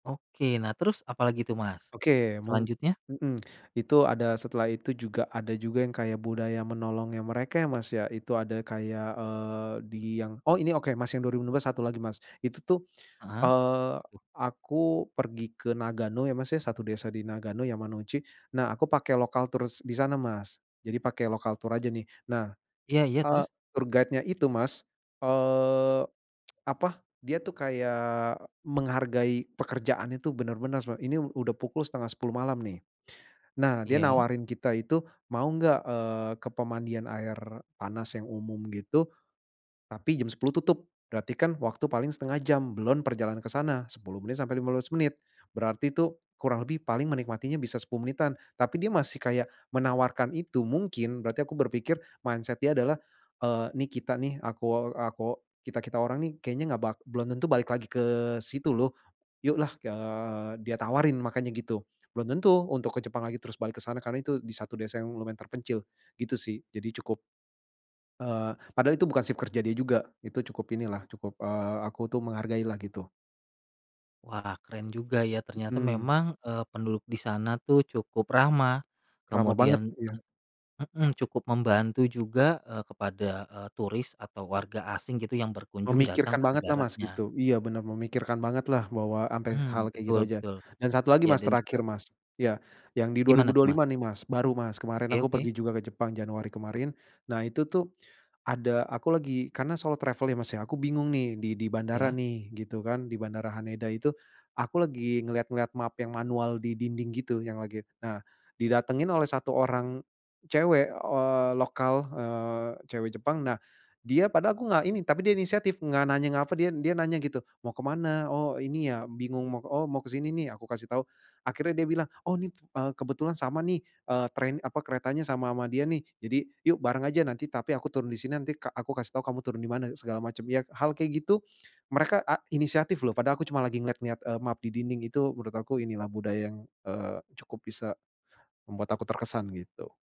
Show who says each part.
Speaker 1: Oke nah terus apalagi tuh Mas,
Speaker 2: Oke, mung
Speaker 1: selanjutnya?
Speaker 2: mhm. Itu ada setelah itu juga, ada juga yang kayak budaya menolong ya mereka ya Mas ya. Itu ada kayak, eee, di yang oh ini oke Mas yang 2025, satu lagi, Mas. Itu tuh,
Speaker 1: Heeh.
Speaker 2: eee,
Speaker 1: [unintelligible]
Speaker 2: aku pergi ke Nagano ya Mas ya, satu desa di Nagano, Yamanouchi, nah aku pake local tours di sana Mas, jadi pakai lokal tour aja nih nah,
Speaker 1: Iya iya
Speaker 2: eee,
Speaker 1: terus?
Speaker 2: tour guide-nya itu Mas, eee, apa, dia tuh kayak menghargai pekerjaan itu bener-bener seme ini udah pukul 9.30 malam nih. Nah, dia
Speaker 1: Iya?
Speaker 2: nawarin kita itu mau nggak, eee, ke pemandian air panas yang umum gitu. Tapi jam 10.00 tutup berarti kan waktu paling 1/2 jam, belon perjalanan ke sana 10 menit sampai 15 menit, berarti itu kurang lebih paling menikmatinya bisa 10 menitan, tapi dia masih kayak menawarkan itu, mungkin berarti aku berpikir, mindset dia adalah, eee, nih kita nih, akuo akuo kita-kita orang nih kayaknya nggak bak belum tentu balik lagi ke situ loh, yuk lah, eee, dia tawarin makanya gitu, belum tentu untuk ke Jepang lagi terus balik ke sana, karena itu di satu desa yang lumayan terpencil, gitu sih jadi cukup eee, padahal itu bukan shift kerja dia juga, itu cukup inilah cukup, eee, aku tuh menghargai lah gitu.
Speaker 1: Wah keren juga ya ternyata
Speaker 2: Hmm.
Speaker 1: memang, eee, penduduk di sana tuh cukup ramah
Speaker 2: Ramah banget,
Speaker 1: kemudian
Speaker 2: iya.
Speaker 1: eee, heeh cukup membantu juga, eee, kepada, eee, turis atau warga asing gitu yang berkunjung datang
Speaker 2: Memikirkan
Speaker 1: ke
Speaker 2: banget lah Mas
Speaker 1: negaranya.
Speaker 2: gitu. Iya benar memikirkan banget lah bahwa ampe
Speaker 1: Hmm,
Speaker 2: hal kayak gitu
Speaker 1: betul
Speaker 2: aja,
Speaker 1: betul.
Speaker 2: dan satu lagi
Speaker 1: Ya
Speaker 2: Mas,
Speaker 1: dan
Speaker 2: terakhir
Speaker 1: juga
Speaker 2: Mas, iya yang di dua ribu
Speaker 1: Gimana
Speaker 2: dua
Speaker 1: tuh, Mas?
Speaker 2: lima nih Mas, baru Mas, kemarin
Speaker 1: Oke
Speaker 2: aku
Speaker 1: oke.
Speaker 2: pergi juga ke Jepang Januari kemarin, nah itu tuh ada aku lagi karena solo travel ya Mas ya, aku bingung nih di di bandara
Speaker 1: Iya?
Speaker 2: nih gitu kan, di bandara Haneda itu, aku lagi ngelihat-ngelihat map yang manual di dinding gitu yang lagi nah didatengin oleh 1 orang cewek, eee, lokal, eee, cewek Jepang, nah dia padahal aku nggak ini, tapi dia inisiatif nggak nanya, nggak apa, dia dia nanya gitu, "Mau ke mana? oh ini ya bingung. Mau oh ke sini? Nih aku kasih tahu," akhirnya dia bilang, "Oh nih, eee, kebetulan sama nih," eee, train, apa keretanya sama ama dia nih, "jadi yuk bareng aja, nanti tapi aku turun di sini, nanti ka aku kasih tahu kamu turun di mana, segala macam ya," hal kayak gitu mereka a inisiatif loh, padahal aku cuma lagi ngelihat-lihat, eee, map di dinding itu menurut aku inilah budaya yang, eee, cukup bisa membuat aku terkesan gitu.